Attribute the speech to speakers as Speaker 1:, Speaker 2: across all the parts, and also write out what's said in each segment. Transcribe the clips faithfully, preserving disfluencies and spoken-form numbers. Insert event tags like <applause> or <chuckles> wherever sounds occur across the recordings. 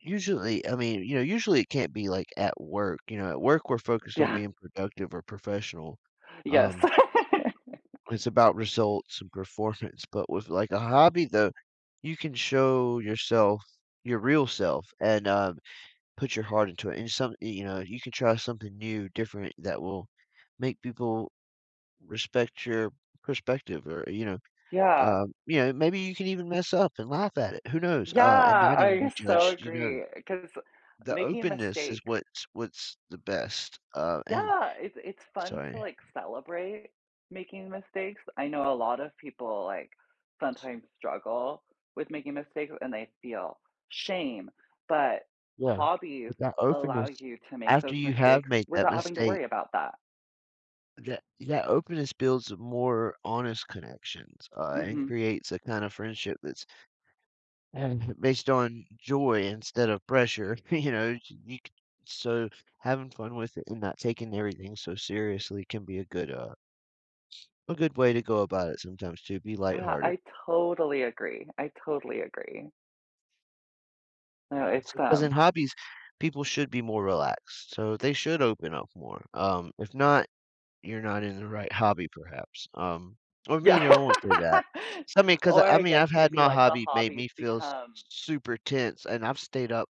Speaker 1: Usually, I mean, you know, usually, it can't be, like, at work, you know, at work, we're focused on
Speaker 2: Yeah.
Speaker 1: being productive or professional,
Speaker 2: Yes.
Speaker 1: um it's about
Speaker 2: <laughs>
Speaker 1: results and performance, but with, like, a hobby, though, you can show yourself, your real self and, um, put your heart into it, and some you know, you can try something new, different that will make people respect your perspective or, you know,
Speaker 2: Yeah.
Speaker 1: um, you
Speaker 2: E
Speaker 1: know, maybe you can even mess up and laugh at it, who knows,
Speaker 2: Yeah,
Speaker 1: uh, and not even
Speaker 2: I
Speaker 1: be
Speaker 2: so
Speaker 1: judged, you know
Speaker 2: agree, 'cause
Speaker 1: the
Speaker 2: making a
Speaker 1: openness is
Speaker 2: mistake
Speaker 1: what's what's the best, uh, and
Speaker 2: Yeah, it's it's fun to,
Speaker 1: sorry.
Speaker 2: like, celebrate making mistakes, I know a lot of people, like, sometimes struggle with making mistakes, and they feel shame, but
Speaker 1: Yeah,
Speaker 2: hobbies
Speaker 1: but that
Speaker 2: allow
Speaker 1: openness
Speaker 2: you to make
Speaker 1: after
Speaker 2: those
Speaker 1: you have
Speaker 2: mistakes
Speaker 1: made that
Speaker 2: without having to
Speaker 1: mistake
Speaker 2: worry about that.
Speaker 1: that that openness builds more honest connections, uh, and
Speaker 2: Mhm.
Speaker 1: creates a kinda friendship that's and based on joy instead of pressure, you know, you c so having fun with it and not taking everything so seriously can be a good, uh, a good way to go about it sometimes, to be
Speaker 2: Yeah,
Speaker 1: lighthearted.
Speaker 2: I totally agree, I totally agree. No,
Speaker 1: Yeah,
Speaker 2: it's
Speaker 1: so 'cause
Speaker 2: them.
Speaker 1: in hobbies, people should be more relaxed, so they should open up more, um, if not, you're not in the right hobby perhaps, um, or may
Speaker 2: Yeah,
Speaker 1: know won't say that.
Speaker 2: <laughs>
Speaker 1: So, I mean, 'cause,
Speaker 2: or
Speaker 1: I
Speaker 2: I
Speaker 1: mean,
Speaker 2: guess
Speaker 1: I've had
Speaker 2: maybe
Speaker 1: my
Speaker 2: like the
Speaker 1: hobby made
Speaker 2: hobbies
Speaker 1: me feel s
Speaker 2: become
Speaker 1: s super tense, and I've stayed up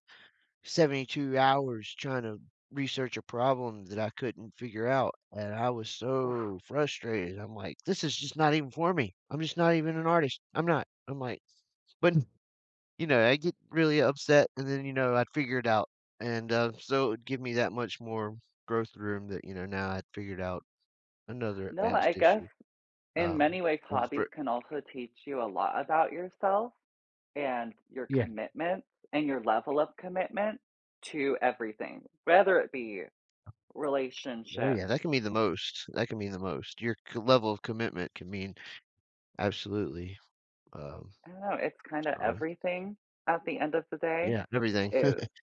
Speaker 1: seventy two hours trying to research a problem that I couldn't figure out, and I was
Speaker 2: Oof.
Speaker 1: so frustrated, I'm like, "This is just not even for me. I'm just not even an artist. I'm not." I'm like but, you know, I get really upset, and then, you know, I'd figure it out, and, um, so it would give me that much more growth room that, you know, now I figured out another
Speaker 2: No, I
Speaker 1: advanced
Speaker 2: guess
Speaker 1: issue,
Speaker 2: in
Speaker 1: um,
Speaker 2: many ways,
Speaker 1: on
Speaker 2: hobbies
Speaker 1: <unintelligible>
Speaker 2: can also teach you a lot about yourself and your
Speaker 1: Yeah.
Speaker 2: commitment and your level of commitment to everything, whether it be
Speaker 1: Oh,
Speaker 2: relationships
Speaker 1: yeah, that can mean the most, that can mean the most. Your co level of commitment can mean absolutely, um,
Speaker 2: I don't know, it's kinda
Speaker 1: so
Speaker 2: everything at the end of the day.
Speaker 1: Yeah, everything.
Speaker 2: Er
Speaker 1: <chuckles>